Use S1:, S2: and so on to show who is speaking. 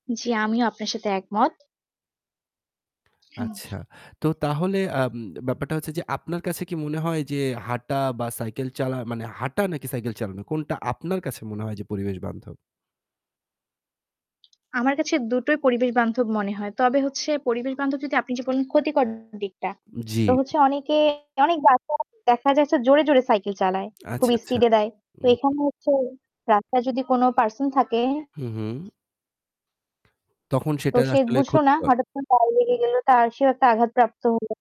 S1: জি, আমিও আপনার সাথে একমত। হুম।
S2: আচ্ছা। তো তাহলে, আম ব্যাপারটা হচ্ছে যে আপনার কাছে কি মনে হয় যে হাঁটা বা সাইকেল চালা মানে হাঁটা নাকি সাইকেল চালানো কোনটা আপনার কাছে মনে হয় যে পরিবেশ বান্ধব?
S1: আমার কাছে দুটোই পরিবেশ বান্ধব মনে হয়। তবে হচ্ছে পরিবেশ বান্ধব যদি আপনি যে বলেন ক্ষতিকর দিকটা,
S2: উম জি।
S1: তো হচ্ছে অনেকে অনেক রাস্তা দেখা যাচ্ছে জোরে, জোরে সাইকেল চালায়, খুব
S2: আচ্ছা, আচ্ছা।
S1: স্পিডে দেয়। তো
S2: উম হুম।
S1: এখানে হচ্ছে রাস্তায় যদি কোন পারসন থাকে
S2: হু, হু। তখন
S1: তো
S2: সেটা
S1: সে
S2: আসলে
S1: বুঝলো না
S2: ক্ষতিকর?
S1: হঠাৎ করে গাড়ি লেগে গেল তার সেও একটা আঘাতপ্রাপ্ত হলো।